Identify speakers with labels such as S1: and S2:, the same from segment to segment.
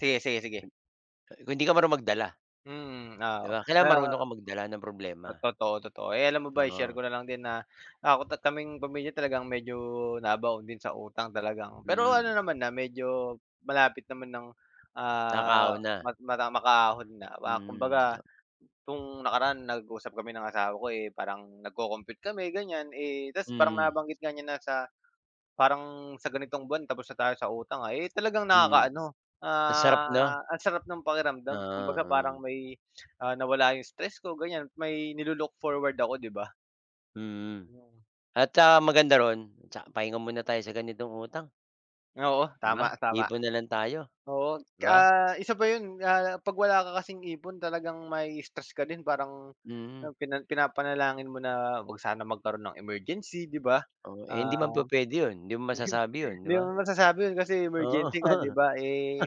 S1: Sige, sige, sige.
S2: Me Ah, eh, kung hindi ka marunong magdala.
S1: Mm,
S2: 'Di
S1: oo.
S2: ba? Kailangan
S1: Kaya
S2: marunong kang magdala ng problema.
S1: toto to totoo. Eh, alam mo ba, i-share
S2: Oo.
S1: ko na lang din na, ako't at kaming pamilya, talagang medyo nabaon din sa utang, talagang pero ano
S2: Mm.
S1: naman na, medyo, malapit naman nang, ah,
S2: Nakaka-ahon na.
S1: mag-mada makaahon na. Wa
S2: Mm,
S1: kumbaga,
S2: 'no.
S1: 'tong nakaraan, nag-usap kami ng asawa ko, eh, parang nagko-compute kami, ganiyan, eh tapos parang
S2: Mm.
S1: nabanggit nga niya na sa, parang sa ganitong buwan tapos na tayo sa utang, ah. Eh, talagang
S2: Mm,
S1: nakakaano,
S2: ang sarap,
S1: ah,
S2: 'no?
S1: ang sarap ng pakiramdam, kumbaga
S2: Oo,
S1: parang
S2: hmm.
S1: may, ah, nawala 'yong stress ko, ganiyan, may nilu-look forward ako, 'di ba.
S2: Mhm.
S1: 'Yong
S2: At saka maganda roon, 'tsa pahinga muna tayo sa ganitong utang.
S1: Oo,
S2: 'Di ba.
S1: tama, tama.
S2: Ipon na lang tayo,
S1: Oo,
S2: 'di ba.
S1: ah, isa pa 'yon, ah, 'pag wala ka kasing ipon, talagang mai-i-stress ka din. Parang
S2: Mm.
S1: pina pinapanalangin mo na, huwag sana magkaroon ng emergency, 'di ba.
S2: Oo.
S1: Ah,
S2: Hindi naman pupwede 'yon, hindi mo masasabi 'yon, 'di
S1: hindi
S2: ba?
S1: mo masasabi 'yon, kasi
S2: Oo,
S1: emergency nga, 'di ba? Eh,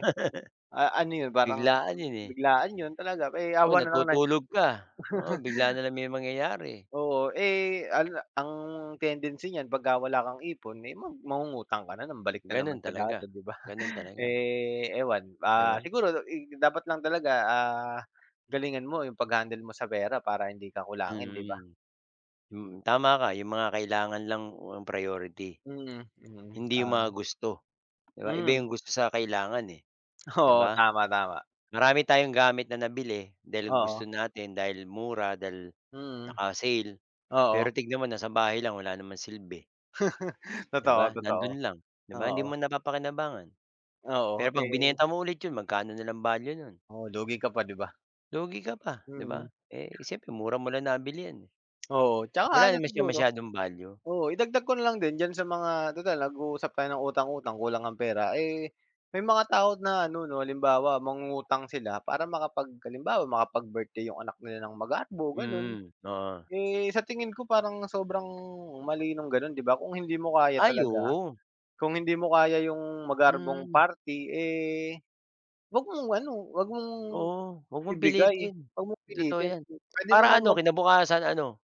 S1: a ano 'yon, parang
S2: biglaan 'yon,
S1: [unintelligible]
S2: eh.
S1: biglaan 'yon talaga. Eh,
S2: O,
S1: awa na lang
S2: natutulog ka. Oo, bigla na lang may mangyayari.
S1: Oo. Eh, ano na ang tendency niyan 'pagka wala kang ipon, eh, mag mangungutang ka na naman, balik na
S2: Gano'n
S1: naman sa
S2: talaga,
S1: dati, 'di ba?
S2: gano'n talaga.
S1: Eh, ewan,
S2: 'Di
S1: ah,
S2: ba.
S1: siguro da ig dapat lang talaga, ah, galingan mo 'yong pag-handle mo sa pera, para hindi ka kulangin, 'di ba.
S2: Mm. Mm, tama ka, 'yong mga kailangan lang o ang priority.
S1: Mm, mm,
S2: Hindi 'yong mga
S1: ah.
S2: gusto, 'di ba, iba
S1: Mm.
S2: 'yong gusto sa kailangan, eh. 'Di
S1: Oo,
S2: ba?
S1: tama, tama.
S2: Marami tayong gamit na nabili dahil
S1: Oo.
S2: gusto natin, dahil mura, dahil
S1: Mm,
S2: naka-sale, pero
S1: oo.
S2: tingnan mo nasa bahay lang, wala namang silbi. 'Di ba,
S1: Totoo,
S2: nando'n
S1: totoo.
S2: lang. 'Di ba, hindi
S1: Oo.
S2: mo napapakinabangan. Pero
S1: Oo,
S2: 'pag
S1: eh
S2: binenta mo ulit 'yon, magkano na lang value no'n.
S1: Oo, lugi ka pa, 'di ba.
S2: Lugi ka pa, 'di ba.
S1: Mm.
S2: Eh, siyempre mura mo lang nabili 'yan, eh.
S1: Oo, 'tsaka
S2: Wala
S1: ano
S2: naman siya
S1: siguro,
S2: masyadong value.
S1: oo, idagdag ko na lang din, diyan sa mga tutal nag-uusap tayo ng utang-utang, kulang ang pera. Eh, may mga tao na ano, 'no, halimbawa, mangungutang sila para makapag halimbawa, makapag-birthday 'yong anak nila ng magarbo, gano'n.
S2: Mhm, oo.
S1: Eh, sa tingin ko, parang sobrang mali no'ng gano'n, 'di ba, kung hindi mo kaya
S2: Ay,
S1: talaga,
S2: oo.
S1: kung hindi mo kaya 'yong magarbong
S2: Mm.
S1: party, eh, huwag mong ano, huwag mong,
S2: Oo. Huwag mong
S1: ibigay,
S2: pilitin,
S1: huwag mong
S2: totoo
S1: pilitin.
S2: 'yan.
S1: Puwede
S2: Para
S1: namang
S2: ano,
S1: mag
S2: kinabukasan ano